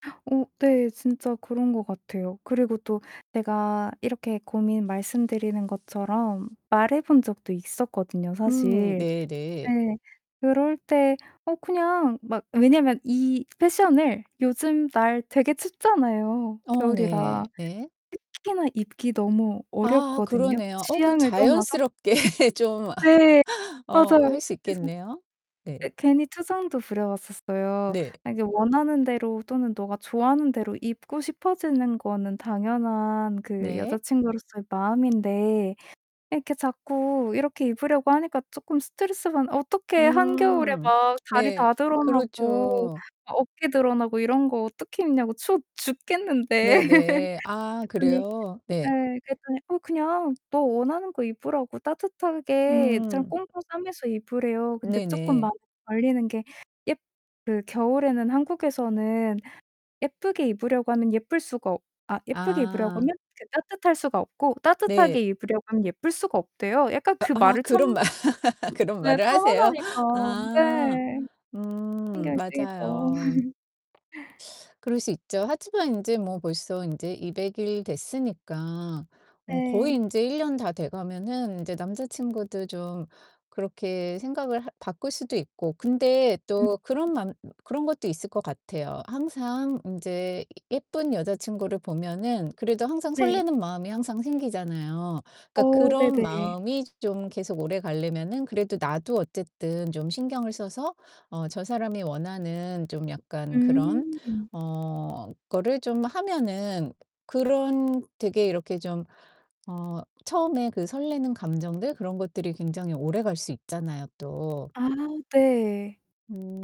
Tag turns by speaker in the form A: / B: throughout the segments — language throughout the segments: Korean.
A: 어 네, 진짜 그런 것 같아요. 그리고 또 내가 이렇게 고민 말씀드리는 것처럼 말해 본 적도 있었거든요
B: 음
A: 사실.
B: 네네.
A: 네. 그럴 때 어 그냥 막 왜냐면 이 패션을 요즘 날 되게 춥잖아요
B: 어
A: 겨울이라.
B: 네. 네.
A: 특히나 입기 너무
B: 아
A: 어렵거든요
B: 그러네요. 어 그건
A: 취향을 떠나서.
B: 자연스럽게 좀
A: 네,
B: 어
A: 맞아요.
B: 할 수
A: 그래서
B: 있겠네요. 네.
A: 예 괜히 투정도 부려봤었어요.
B: 네.
A: "아 이제 원하는 대로 또는 너가 좋아하는 대로 입고 싶어지는 거는 당연한 그
B: 네.
A: 여자친구로서의 마음인데 이렇게 자꾸 이렇게 입으려고 하니까 쪼끔 스트레스 받 어떻게 한겨울에
B: 음
A: 막 다리
B: 네.
A: 다 드러나고
B: 그렇죠.
A: 어깨 드러나고 이런 거 어떻게 입냐고 추워 죽겠는데."
B: 네네. 아
A: 그랬더니
B: 그래요? 네.
A: 예 그랬더니 어 그냥 너 원하는 거 입으라고 따뜻하게 좀
B: 음.
A: 꽁꽁 싸매면서 입으래요. 근데 쪼끔
B: 네네.
A: 마음에 걸리는 게 예 그 겨울에는 한국에서는 예쁘게 입으려고 하면 예쁠 수가 어 아 예쁘게 입으려고
B: 아.
A: 하면 그 따뜻할 수가 없고
B: 네.
A: 따뜻하게 입으려고 하면 예쁠 수가 없대요. 약간
B: 어
A: 그
B: 아
A: 말을 처음
B: 그런 말 그런
A: 네
B: 말을 하세요?
A: 편안하니까.
B: 아.
A: 네.
B: 음
A: 신경이 쓰이죠.
B: 맞아요. 그럴 수 있죠. 하지만 인제 뭐 벌써 인제 200 일 됐으니까 어 거의
A: 네.
B: 인제 1 년 다 돼가면은 이제 남자친구도 좀 그렇게 생각을 할 바꿀 수도 있고 근데
A: 음.
B: 또 그런 맘 그런 것도 있을 것 같아요. 항상 인제 예쁜 여자친구를 보면은 그래도 항상
A: 네.
B: 설레는 마음이 항상 생기잖아요. 그러니까
A: 어
B: 그런
A: 네네.
B: 마음이 좀 계속 오래 가려면은 그래도 나도 어쨌든 좀 신경을 써서 어 저 사람이 원하는 좀 약간 그런
A: 음.
B: 어 거를 좀 하면은 그런 되게 이렇게 좀 어 처음에 그 설레는 감정들 그런 것들이 굉장히 오래갈 수 있잖아요 또.
A: 아 네.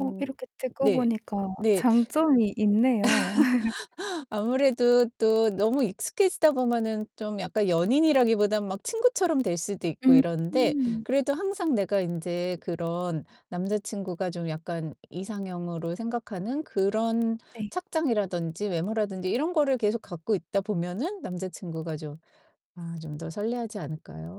A: 어 이렇게 듣고
B: 네.
A: 보니까
B: 네.
A: 장점이 있네요.
B: 아무래도 또 너무 익숙해지다 보면은 좀 약간 연인이라기보다는 막 친구처럼 될 수도 있고 이러는데
A: 음.
B: 그래도 항상 내가 인제 그런 남자친구가 좀 약간 이상형으로 생각하는 그런
A: 네.
B: 착장이라든지 외모라든지 이런 거를 계속 갖고 있다 보면은 남자친구가 좀 아 좀 더 설레하지 않을까요?